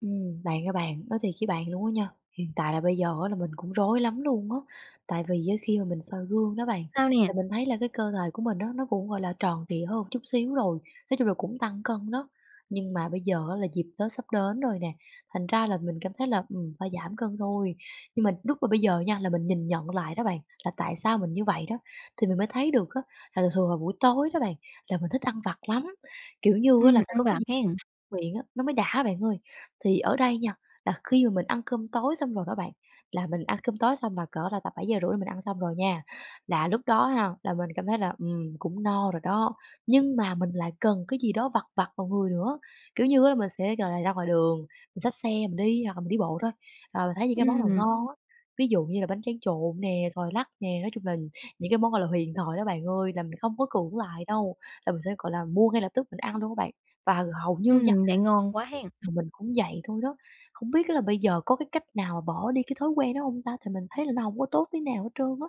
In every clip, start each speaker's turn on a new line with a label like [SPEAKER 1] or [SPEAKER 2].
[SPEAKER 1] Ừm, bạn ơi bạn, nói thiệt với bạn luôn á nha, hiện tại là bây giờ á là mình cũng rối lắm luôn á, tại vì á khi mà mình soi gương đó bạn,
[SPEAKER 2] Sao nè?
[SPEAKER 1] thì mình thấy là cái cơ thể của mình á nó cũng, gọi là, tròn trịa hơn chút xíu rồi, nói chung là cũng tăng cân đó. Nhưng mà bây giờ á là dịp Tết sắp đến rồi nè, thành ra là mình cảm thấy là, ừm, phải giảm cân thôi. Nhưng mà lúc mà bây giờ nha là mình nhìn nhận lại đó bạn, là tại sao mình như vậy đó, thì mình mới thấy được á, là thường thường vào buổi tối đó bạn, là mình thích ăn vặt lắm, kiểu như á
[SPEAKER 2] Ừm,
[SPEAKER 1] là phải
[SPEAKER 2] ăn
[SPEAKER 1] có cái
[SPEAKER 2] vặt
[SPEAKER 1] gì
[SPEAKER 2] hen.
[SPEAKER 1] miệng á, nó mới đã bạn ơi. Thì ở đây nha, là khi mà mình ăn cơm tối xong rồi đó bạn, là mình ăn cơm tối xong là cỡ là tầm 7:30 là mình ăn xong rồi nha, là lúc đó ha, là mình cảm thấy là, ừm, cũng no rồi đó, nhưng mà mình lại cần cái gì đó vặt vặt vào người nữa. Kiểu như á là mình sẽ, gọi là, ra ngoài đường, mình xách xe mình đi hoặc là mình đi bộ thôi, à, mình thấy những cái món nào
[SPEAKER 2] Ừm.
[SPEAKER 1] ngon á, ví dụ như là bánh tráng trộn nè, xoài lắc nè, nói chung là những cái món, gọi là, huyền thoại đó bạn ơi, là mình không có cưỡng lại đâu, là mình sẽ, gọi là, mua ngay lập tức mình ăn luôn á bạn, và hầu như nha
[SPEAKER 2] Ừm, vậy ngon quá hen.
[SPEAKER 1] là mình cũng vậy thôi đó. Không biết là bây giờ có cái cách nào bỏ đi cái thói quen đó hông ta? Thì mình thấy là nó hổng có tốt tí nào hết trơn á.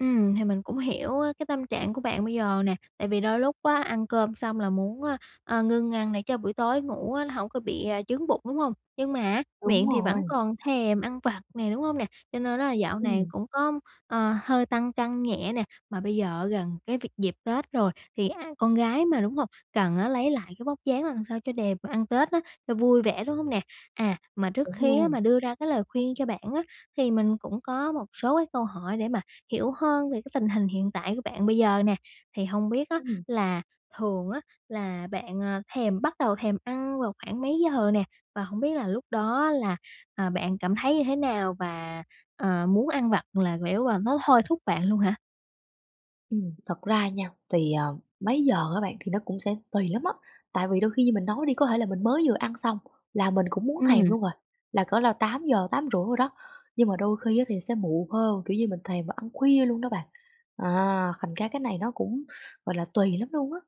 [SPEAKER 2] Ừm, hì mình cũng hiểu á cái tâm trạng của bạn bây giờ nè. Tại vì đôi lúc á, ăn cơm xong là muốn á, a, ngưng ăn để cho buổi tối ngủ á nó hổng có bị chướng bụng, đúng hông? Nhưng mà á,
[SPEAKER 1] Đúng
[SPEAKER 2] miệng thì vẫn
[SPEAKER 1] rồi.
[SPEAKER 2] còn thèm ăn vặt nè, đúng hông nè? Cho nên đó là dạo này
[SPEAKER 1] Ừm.
[SPEAKER 2] cũng có, ờ, hơi tăng cân nhẹ nè, mà bây giờ á gần cái việc dịp Tết rồi, thì ai con gái mà đúng hông, cần á lấy lại cái vóc dáng làm sao cho đẹp mà ăn Tết á, cho vui vẻ, đúng hông nè? À, mà trước
[SPEAKER 1] Đúng
[SPEAKER 2] khi á
[SPEAKER 1] luôn.
[SPEAKER 2] mà đưa ra cái lời khuyên cho bạn á, thì mình cũng có một số cái câu hỏi để mà hiểu hơn về cái tình hình hiện tại của bạn bây giờ nè. Thì hông biết á
[SPEAKER 1] Ừm.
[SPEAKER 2] là thường á là bạn, ờ, thèm bắt đầu thèm ăn vào khoảng mấy giờ nè? Và hổng biết là lúc đó là, ờ, bạn cảm thấy như thế nào và, ờ, muốn ăn vặt là kiểu, à, nó thôi thúc bạn luôn hả?
[SPEAKER 1] Ừm, thật ra nha, thì ờ, mấy giờ á bạn thì nó cũng sẽ tùy lắm á. Tại vì đôi khi như mình nói đi, có thể là mình mới vừa ăn xong là mình cũng muốn thèm
[SPEAKER 2] Ừm.
[SPEAKER 1] luôn à, là cỡ là 8 giờ, 8,5 đồ đó, nhưng mà đôi khi á thì sẽ muộn hơn, kiểu như mình thèm và ăn khuya luôn đó bạn. À, thành ra cái này nó cũng, gọi là, tùy lắm luôn á.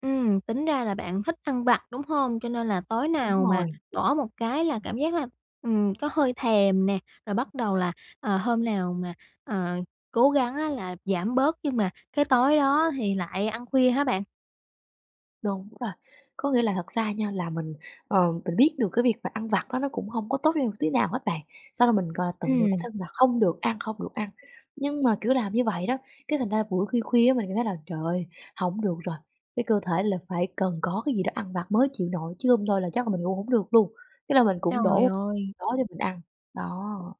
[SPEAKER 2] Ừm, tính ra là bạn thích ăn vặt, đúng hông? Cho nên là tối
[SPEAKER 1] Đúng
[SPEAKER 2] nào mà
[SPEAKER 1] rồi.
[SPEAKER 2] bỏ một cái là cảm giác là, ừm, có hơi thèm nè, rồi bắt đầu là, ờ, hôm nào mà, ờ, cố gắng á là giảm bớt nhưng mà cái tối đó thì lại ăn khuya hả bạn?
[SPEAKER 1] Đúng rồi. Có nghĩa là thật ra nha là mình, ờ, mình biết được cái việc mà ăn vặt đó nó cũng hông có tốt cho mình một tí nào hết bạn, xong rồi mình, gọi là, tự dặn bản
[SPEAKER 2] Ừm.
[SPEAKER 1] thân là không được ăn, không được ăn. Nhưng mà, kiểu, làm như vậy đó, cái thành ra là buổi khuya khuya á mình cảm thấy là "Trời ơi, hổng được rồi, cái cơ thể là phải cần có cái gì đó ăn vặt mới chịu nổi", chứ hông thôi là chắc là mình ngủ hổng được luôn, cái là mình cũng
[SPEAKER 2] Trời
[SPEAKER 1] đổ
[SPEAKER 2] ơi!
[SPEAKER 1] đó để mình ăn. Đó.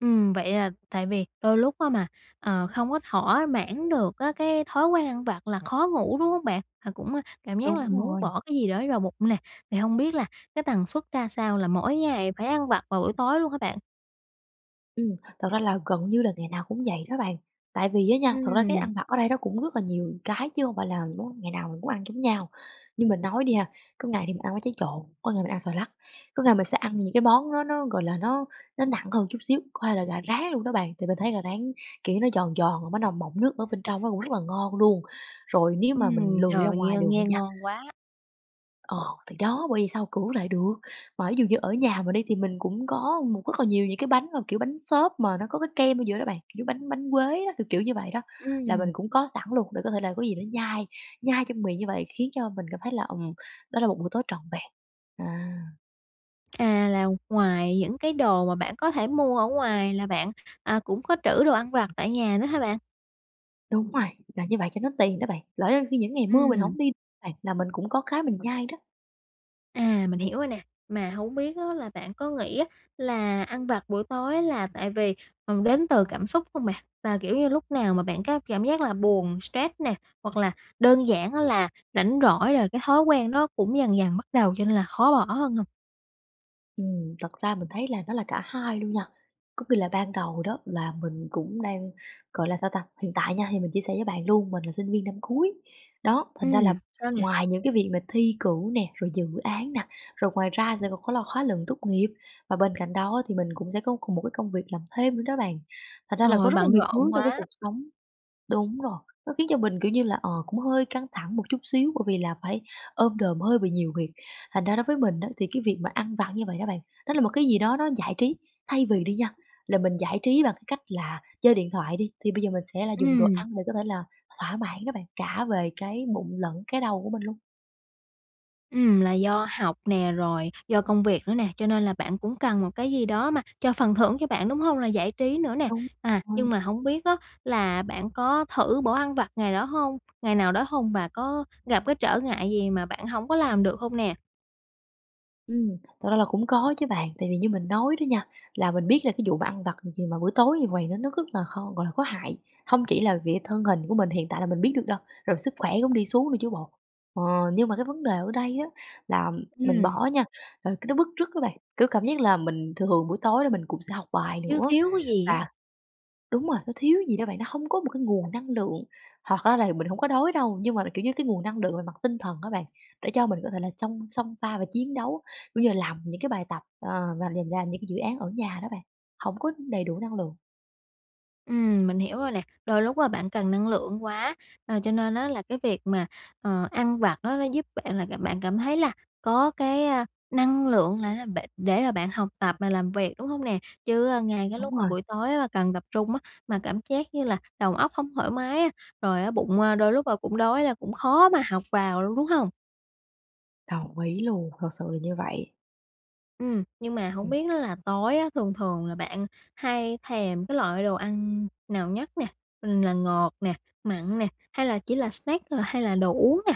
[SPEAKER 2] Ừm. Vậy là tại vì đôi lúc á mà, ờ, không có thỏa mãn được á cái thói quen ăn vặt là khó ngủ, đúng hông bạn? À cũng cảm giác
[SPEAKER 1] Đúng
[SPEAKER 2] là muốn
[SPEAKER 1] rồi.
[SPEAKER 2] bỏ cái gì đó vào bụng nè, thì hông biết là cái tần suất ra sao, là mỗi ngày phải ăn vặt vào buổi tối luôn hả bạn?
[SPEAKER 1] Ừm. Thật ra là gần như là ngày nào cũng vậy đó bạn. Tại vì á nha, thật ra cái
[SPEAKER 2] Ừm.
[SPEAKER 1] ăn vặt ở đây nó cũng rất là nhiều cái, chứ hông phải là món ngày nào mình cũng ăn giống nhau. Như mình nói đi ha, có ngày thì mình ăn bánh tráng trộn, có ngày mình ăn xoài lắc, có ngày mình sẽ ăn những cái món nó nó, gọi là, nó nó nặng hơn một chút xíu, có thể là gà rán luôn đó bạn. Thì mình thấy gà rán, kiểu, nó giòn giòn, mà bắt đầu mọng nước ở bên trong á cũng rất là ngon luôn. Rồi nếu mà mình
[SPEAKER 2] Ừm.
[SPEAKER 1] lười
[SPEAKER 2] Trời
[SPEAKER 1] đi ra
[SPEAKER 2] ơi, nghe
[SPEAKER 1] ngoài đường đi
[SPEAKER 2] nghe
[SPEAKER 1] nha
[SPEAKER 2] ngon quá.
[SPEAKER 1] Ờ, thì đó. Bởi vậy sao cưỡng lại được. Mà ví dụ như ở nhà mình đi, thì mình cũng có một rất là nhiều những cái bánh mà kiểu bánh xốp mà nó có cái kem ở giữa đó bạn, kiểu bánh bánh quế đó, kiểu kiểu như vậy đó. Là mình
[SPEAKER 2] Ừm.
[SPEAKER 1] cũng có sẵn luôn để có thể là có gì đó nhai nhai trong miệng như vậy, khiến cho mình cảm thấy là, ừm, đó là một buổi tối trọn vẹn, à.
[SPEAKER 2] À, là ngoài những cái đồ mà bạn có thể mua ở ngoài là bạn, ờ, cũng có trữ đồ ăn vặt tại nhà nữa ha bạn?
[SPEAKER 1] Đúng rồi. Làm như vậy cho nó tiện đó bạn. Lỡ đâu khi những ngày mưa mình
[SPEAKER 2] Ừm.
[SPEAKER 1] hổng đi đó bạn, là mình cũng có cái mình nhai đó.
[SPEAKER 2] À, mình hiểu rồi nè. Mà hổng biết á là bạn có nghĩ á là ăn vặt buổi tối là tại vì, ừ, đến từ cảm xúc hông bạn? Là kiểu như lúc nào mà bạn có cảm giác là buồn, stress nè, hoặc là đơn giản á là rảnh rỗi rồi cái thói quen nó cũng dần dần bắt đầu cho nên là khó bỏ hơn hông?
[SPEAKER 1] Ừm, thật ra mình thấy là nó là cả hai luôn nha. Có khi là ban đầu đó là mình cũng đang gọi là sao ta? Hiện tại nha thì mình chia sẻ với bạn luôn, mình là sinh viên năm cuối. Đó, thành ra là
[SPEAKER 2] Ừm, sao nè?
[SPEAKER 1] ngoài những cái việc mà thi cử nè, rồi dự án nè, rồi ngoài ra sẽ l có là khóa luận tốt nghiệp và bên cạnh đó thì mình cũng sẽ có k một cái công việc làm thêm nữa đó bạn. Thành ra là có
[SPEAKER 2] Rồi,
[SPEAKER 1] rất là
[SPEAKER 2] bận
[SPEAKER 1] nhiều thứ
[SPEAKER 2] rộn
[SPEAKER 1] trong cái
[SPEAKER 2] quá.
[SPEAKER 1] cuộc sống đúng rồi, nó khiến cho mình, kiểu như là, ờ, cũng hơi căng thẳng một chút xíu bởi vì là phải ôm đồm hơi bị nhiều việc. Thành ra đối với mình á thì cái việc mà ăn vặt như vậy đó bạn, đó là một cái gì đó nó giải trí. Thay vì đi nha, là mình giải trí bằng cái cách là chơi điện thoại đi, thì bây giờ mình sẽ là dùng đồ
[SPEAKER 2] Ừm.
[SPEAKER 1] ăn để có thể là thỏa mãn đó bạn, cả về cái bụng lẫn cái đầu của mình luôn.
[SPEAKER 2] Ừm, là do học nè, rồi do công việc nữa nè, cho nên là bạn cũng cần một cái gì đó mà cho phần thưởng cho bạn, đúng hông? Là giải trí nữa nè,
[SPEAKER 1] Đúng
[SPEAKER 2] à,
[SPEAKER 1] rồi.
[SPEAKER 2] nhưng mà hổng biết á là bạn có thử bỏ ăn vặt ngày đó hông ngày nào đó hông? Và có gặp cái trở ngại gì mà bạn hổng có làm được hông nè?
[SPEAKER 1] Ừm, thật ra là cũng có chứ bạn, tại vì như mình nói đó nha, là mình biết là cái vụ mà ăn vặt gì mà buổi tối như vầy, nó rất là kh gọi là, có hại. Hông chỉ là vì thân hình của mình hiện tại là mình biết được đâu, rồi sức khỏe cũng đi xuống nữa chứ bộ. Ờ, nhưng mà cái vấn đề ở đây á là mình
[SPEAKER 2] Ừm.
[SPEAKER 1] bỏ nha, rồi cái nó bứt rứt á bạn, kiểu, cảm giác là mình thường buổi tối là mình cũng sẽ học bài
[SPEAKER 2] Thiếu
[SPEAKER 1] nữa,
[SPEAKER 2] thiếu cái gì á.
[SPEAKER 1] và đúng rồi, nó thiếu gì đó bạn, nó hông có một cái nguồn năng lượng. Hoặc ra là mình hổng có đói đâu, nhưng mà, kiểu như, cái nguồn năng lượng về mặt tinh thần á bạn, để cho mình có thể là chông xông pha và chiến đấu. Ví dụ như là làm những cái bài tập, ờ, và là làm những cái dự án ở nhà đó bạn, hổng có đầy đủ năng lượng.
[SPEAKER 2] Ừm, mình hiểu rồi nè. Đôi lúc á bạn cần năng lượng quá, ờ, cho nên á là cái việc mà, ờ, ăn vặt á nó giúp bạn là làm bạn cảm thấy là có cái, a, năng lượng lại á, b để mà bạn học tập mà làm việc, đúng hông nè? Chứ, ơ, ngay cái
[SPEAKER 1] Đúng
[SPEAKER 2] lúc mà
[SPEAKER 1] rồi.
[SPEAKER 2] buổi tối á cần tập trung á, mà cảm giác như là đầu óc hông thoải mái á, rồi á bụng đôi lúc, ơ, cũng đói là cũng khó mà học vào luôn, đúng hông?
[SPEAKER 1] Đồng ý luôn, thật sự là như vậy.
[SPEAKER 2] Ừm, nhưng mà hổng
[SPEAKER 1] Ừm.
[SPEAKER 2] biết đó là tối á thường thường là bạn hay thèm cái loại đồ ăn nào nhất nè? Là ngọt nè, mặn nè, hay là chỉ là snack hay là đồ uống nè?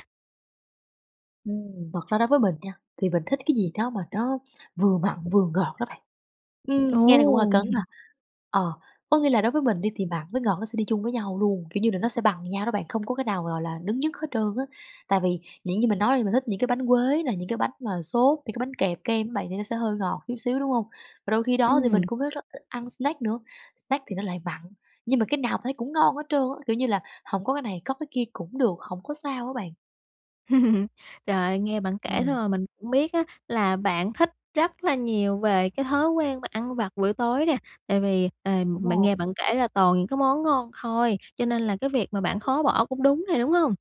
[SPEAKER 1] Ừm, thật ra đối với mình nha, thì mình thích cái gì đó mà nó vừa mặn, vừa ngọt đó bạn. Ừm,
[SPEAKER 2] Ồ,
[SPEAKER 1] nghe thì cũng hơi cấn ha.
[SPEAKER 2] hừm.
[SPEAKER 1] Ờ, có nghĩa là đối với mình đi thì mặn với ngọt nó sẽ đi chung với nhau luôn, kiểu như là, nó sẽ bằng nhau đó bạn, không có cái nào gọi là đứng nhất hết trơn á. Tại vì những gì mình nói đi mình thích những cái bánh quế nè, những cái bánh mà xốp, những cái bánh kẹp kem á bạn thì nó sẽ hơi ngọt chút xíu, đúng hông? Và đôi khi đó thì mình
[SPEAKER 2] Ừm.
[SPEAKER 1] cũng rất thích ăn snack nữa, snack thì nó lại mặn. Nhưng mà cái nào thấy cũng ngon hết trơn á, kiểu như là, hổng có cái này có cái kia cũng được, hổng có sao á bạn.
[SPEAKER 2] Trời ơi, nghe bạn kể thôi
[SPEAKER 1] Ừm.
[SPEAKER 2] mà mình cũng biết á, là bạn thích rất là nhiều về cái thói quen mà ăn vặt buổi tối nè. Tại vì, ờm,
[SPEAKER 1] Đúng
[SPEAKER 2] mình
[SPEAKER 1] rồi.
[SPEAKER 2] nghe bạn kể là toàn những cái món ngon thôi, cho nên là cái việc mà bạn khó bỏ cũng đúng nè, đúng hông?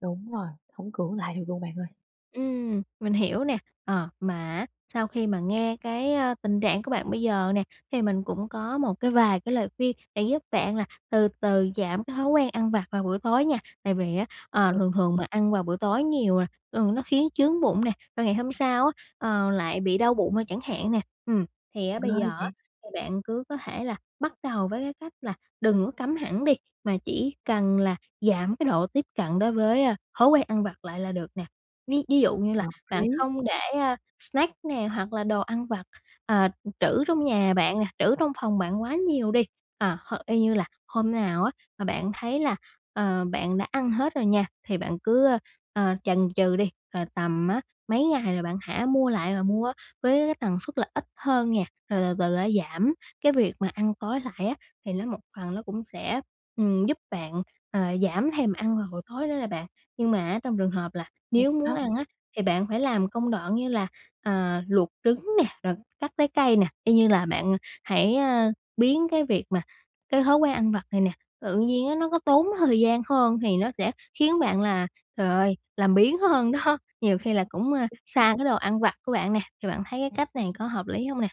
[SPEAKER 1] Đúng rồi, hổng cưỡng lại được luôn bạn ơi.
[SPEAKER 2] Ừm, mình hiểu nè, ờ, mà á sau khi mà nghe cái á tình trạng của bạn bây giờ nè, thì mình cũng có một cái vài cái lời khuyên để giúp bạn là từ từ giảm cái thói quen ăn vặt vào buổi tối nha. Tại vì á, ờ,
[SPEAKER 1] Ừm.
[SPEAKER 2] thường thường mà ăn vào buổi tối nhiều nè thường nó khiến chướng bụng nè, và ngày hôm sau á, ờ, lại bị đau bụng, ờ, chẳng hạn nè. Ừm, thì á bây
[SPEAKER 1] Ghê
[SPEAKER 2] giờ á,
[SPEAKER 1] vậy!
[SPEAKER 2] thì bạn cứ có thể là bắt đầu với cái cách là đừng có cấm hẳn đi, mà chỉ cần là giảm cái độ tiếp cận đối với, ơ, thói quen ăn vặt lại là được nè. Ví ví dụ như là
[SPEAKER 1] Hợp
[SPEAKER 2] bạn
[SPEAKER 1] lý!
[SPEAKER 2] không để, a, snack nè hoặc là đồ ăn vặt, ờ, trữ trong nhà bạn nè, trữ trong phòng bạn quá nhiều đi. À, h y như là hôm nào á mà bạn thấy là, ờ, bạn đã ăn hết rồi nha, thì bạn cứ, ơ, ờ, chần chừ đi, rồi tầm á mấy ngày là bạn hả mua lại và mua với cái tần suất là ít hơn nha, rồi từ từ giảm cái việc mà ăn tối lại á, thì nó một phần nó cũng sẽ, ừm, giúp bạn ờ giảm thèm ăn vào buổi tối đó nè bạn. Nhưng mà á trong trường hợp là
[SPEAKER 1] Thiệt
[SPEAKER 2] nếu muốn
[SPEAKER 1] đó!
[SPEAKER 2] ăn á thì bạn phải làm công đoạn như là, ờ, luộc trứng nè, rồi cắt trái cây nè, y như là bạn hãy, ơ, biến cái việc mà cái thói quen ăn vặt này nè, tự nhiên á nó có tốn thời gian hơn, thì nó sẽ khiến bạn là, trời ơi, làm biếng hơn đó! Nhiều khi là cũng, ờ, xa cái đồ ăn vặt của bạn nè, thì bạn thấy cái cách này có hợp lý hông nè?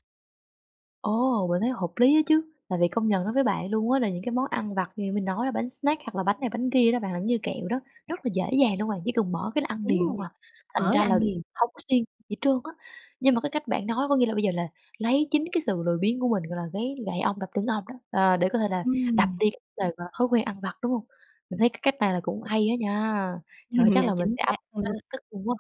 [SPEAKER 1] Ô, mình thấy hợp lý á chứ. Tại vì công nhận nói với bạn luôn á là những cái món ăn vặt như nãy mình nói là bánh snack hoặc là bánh này bánh kia đó bạn, làm như kẹo đó, rất là dễ dàng luôn bạn. Chỉ cần mở cái ăn
[SPEAKER 2] Đúng
[SPEAKER 1] liền luôn
[SPEAKER 2] rồi,
[SPEAKER 1] à, thành
[SPEAKER 2] mở
[SPEAKER 1] ra
[SPEAKER 2] là
[SPEAKER 1] là
[SPEAKER 2] ăn liền.
[SPEAKER 1] hông có siêng gì trơn á. Nhưng mà cái cách bạn nói có nghĩa là bây giờ là lấy chính cái sự lười biếng của mình gọi là cái gậy ông đập lưng ông đó, ờ, để có thể là đập
[SPEAKER 2] Ừm.
[SPEAKER 1] đi cái đề mà thói quen ăn vặt, đúng hông? Mình thấy cái cách này là cũng hay á nha! Trời,
[SPEAKER 2] Ừm,
[SPEAKER 1] chắc
[SPEAKER 2] à,
[SPEAKER 1] là mình
[SPEAKER 2] chính
[SPEAKER 1] sẽ áp
[SPEAKER 2] xác luôn đó.
[SPEAKER 1] ngay lập tức luôn quá.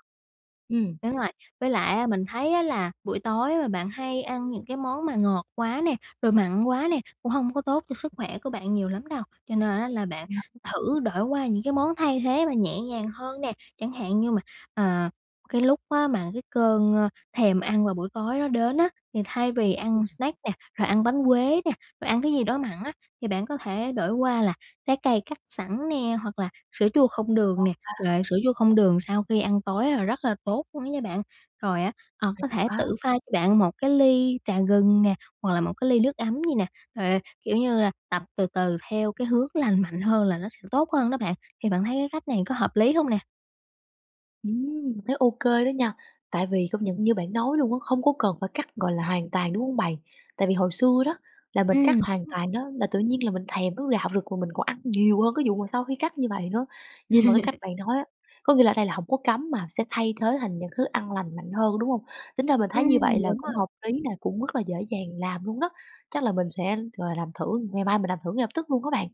[SPEAKER 1] Ừm.
[SPEAKER 2] Đúng rồi, với lại á mình thấy á là buổi tối mà bạn hay ăn những cái món mà ngọt quá nè, rồi mặn quá nè, cũng hông có tốt cho sức khỏe của bạn nhiều lắm đâu. Cho nên á là bạn
[SPEAKER 1] Vậy hả?
[SPEAKER 2] thử đổi qua những cái món thay thế mà nhẹ nhàng hơn nè. Chẳng hạn như mà, à, cái lúc á mà cái cơn, ơ, thèm ăn vào buổi tối nó đến á, thì thay vì
[SPEAKER 1] Ừm.
[SPEAKER 2] ăn snack nè, rồi ăn bánh quế nè, rồi ăn cái gì đó mặn á, thì bạn có thể đổi qua là trái cây cắt sẵn nè hoặc là sữa chua không đường
[SPEAKER 1] Ngon
[SPEAKER 2] nè.
[SPEAKER 1] ta.
[SPEAKER 2] Trời ơi, sữa chua không đường sau khi ăn tối là rất là tốt luôn á nha bạn. Rồi á, ờ, có
[SPEAKER 1] Hay
[SPEAKER 2] thể
[SPEAKER 1] quá.
[SPEAKER 2] tự pha cho bạn một cái ly trà gừng nè, hoặc là một cái ly nước ấm đi nè, rồi, kiểu như là, tập từ từ theo cái hướng lành mạnh hơn là nó sẽ tốt hơn đó bạn. Thì bạn thấy cái cách này có hợp lý hông nè?
[SPEAKER 1] Ừm, thấy ô kê đó nha. Tại vì công nhận như bạn nói luôn á, không có cần phải cắt gọi là hoàn toàn, đúng hông bạn? Tại vì hồi xưa đó là mình cắt
[SPEAKER 2] Ừm, đúng
[SPEAKER 1] hoàn
[SPEAKER 2] rồi.
[SPEAKER 1] toàn đó là tự nhiên là mình thèm nó rạo rực mà mình còn ăn nhiều hơn cái vụ mà sau khi cắt như vậy nữa. Nhưng mà cái cách bạn nói á, có nghĩa là ở đây là hổng có cấm mà sẽ thay thế thành những thứ ăn lành mạnh hơn, đúng hông? Tính ra mình thấy như vậy
[SPEAKER 2] Ừm,
[SPEAKER 1] là
[SPEAKER 2] đúng
[SPEAKER 1] cũng
[SPEAKER 2] rồi.
[SPEAKER 1] hợp lý nè, cũng rất là dễ dàng làm luôn đó. Chắc là mình sẽ gọi là, làm thử, ngày mai mình làm thử ngay lập tức luôn á bạn.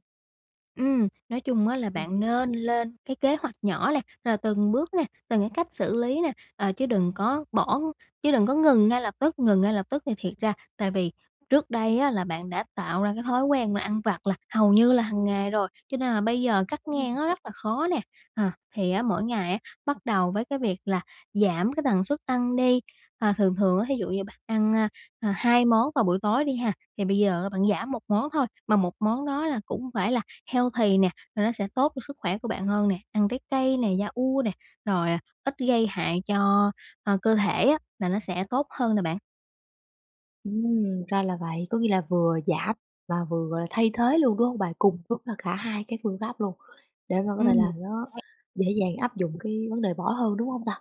[SPEAKER 2] Ừm, nói chung á là
[SPEAKER 1] Ừm.
[SPEAKER 2] bạn nên lên cái kế hoạch nhỏ nè. Rồi từng bước nè, từng cái cách xử lý nè, ờ, chứ đừng có bỏ chứ đừng có ngừng ngay lập tức, ngừng ngay lập tức thì thiệt ra tại vì trước đây á là bạn đã tạo ra cái thói quen là ăn vặt là hầu như là hàng ngày rồi, cho nên là bây giờ cắt ngang
[SPEAKER 1] [unintelligible]
[SPEAKER 2] nó rất là khó nè. À thì á mỗi ngày á, bắt đầu với cái việc là giảm cái tần suất ăn đi. À, thường thường á thí dụ như bạn ăn, ơ, ờ, 2 món vào buổi tối đi ha, thì bây giờ bạn giảm 1 món thôi, mà 1 món đó là cũng phải là healthy nè, rồi nó sẽ tốt cho sức khỏe của bạn hơn nè. Ăn trái cây nè, yaourt nè, rồi ít gây hại cho, ơ, cơ thể á là nó sẽ tốt hơn nè bạn.
[SPEAKER 1] Ừm, ra là vậy, có nghĩa là vừa giảm và vừa gọi là thay thế luôn, đúng hông bạn? Cùng lúc là cả 2 cái phương pháp luôn, để mà có thể
[SPEAKER 2] Ừm.
[SPEAKER 1] là nó
[SPEAKER 2] Đấy.
[SPEAKER 1] dễ dàng áp dụng cái vấn đề bỏ hơn, đúng hông ta?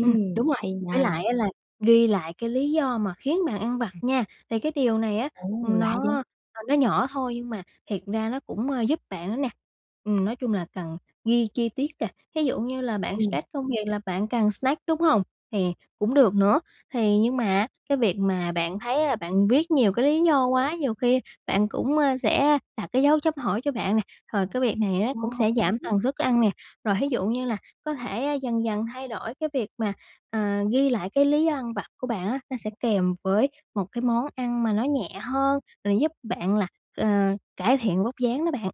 [SPEAKER 2] Ừm, đúng rồi,
[SPEAKER 1] hay
[SPEAKER 2] với
[SPEAKER 1] nha!
[SPEAKER 2] lại á là ghi lại cái lý do mà khiến bạn ăn vặt nha, thì cái điều này á
[SPEAKER 1] Ô, lạ vậy?
[SPEAKER 2] nó nó nhỏ thôi nhưng mà thiệt ra nó cũng giúp bạn nữa nè. Ừm nói chung là cần ghi chi tiết nè, ví dụ như là bạn
[SPEAKER 1] Ừm.
[SPEAKER 2] stress công việc là bạn cần snack đúng hông? Thì cũng được nữa, thì nhưng mà cái việc mà bạn thấy là bạn viết nhiều cái lý do quá, nhiều khi bạn cũng sẽ đặt cái dấu chấm hỏi cho bạn nè, rồi cái việc này cũng sẽ giảm
[SPEAKER 1] [unintelligible]
[SPEAKER 2] tần suất ăn nè. Rồi thí dụ như là có thể dần dần thay đổi cái việc mà, ờ, ghi lại cái lý do ăn vặt của bạn á, nó sẽ kèm với một cái món ăn mà nó nhẹ hơn, rồi giúp bạn là, ờ, cải thiện vóc dáng đó bạn.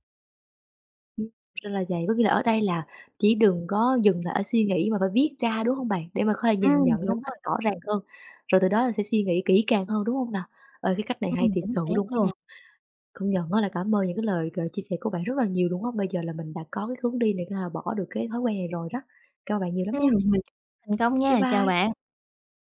[SPEAKER 1] Ừm. Thì ra là vậy, có nghĩa là ở đây là chỉ đừng có dừng lại ở suy nghĩ mà phải viết ra, đúng hông bạn? Để mà có thể nhìn
[SPEAKER 2] Ừm,
[SPEAKER 1] nhận nó
[SPEAKER 2] đúng
[SPEAKER 1] một cách
[SPEAKER 2] rồi.
[SPEAKER 1] rõ ràng hơn, rồi từ đó là sẽ suy nghĩ kỹ càng hơn, đúng hông nà? Ê, cái cách này hay
[SPEAKER 2] Ừm,
[SPEAKER 1] thiệt
[SPEAKER 2] chính
[SPEAKER 1] sự
[SPEAKER 2] xác
[SPEAKER 1] luôn á
[SPEAKER 2] luôn.
[SPEAKER 1] nha. Công nhận á là cảm ơn những cái lời gợi chia sẻ của bạn rất là nhiều luôn á, bây giờ là mình đã có cái hướng đi này có thể là bỏ được cái thói quen này rồi đó, cảm ơn bạn nhiều lắm
[SPEAKER 2] Ừm,
[SPEAKER 1] nha.
[SPEAKER 2] mình thành công
[SPEAKER 1] Bye
[SPEAKER 2] nha, chào
[SPEAKER 1] bye.
[SPEAKER 2] bạn.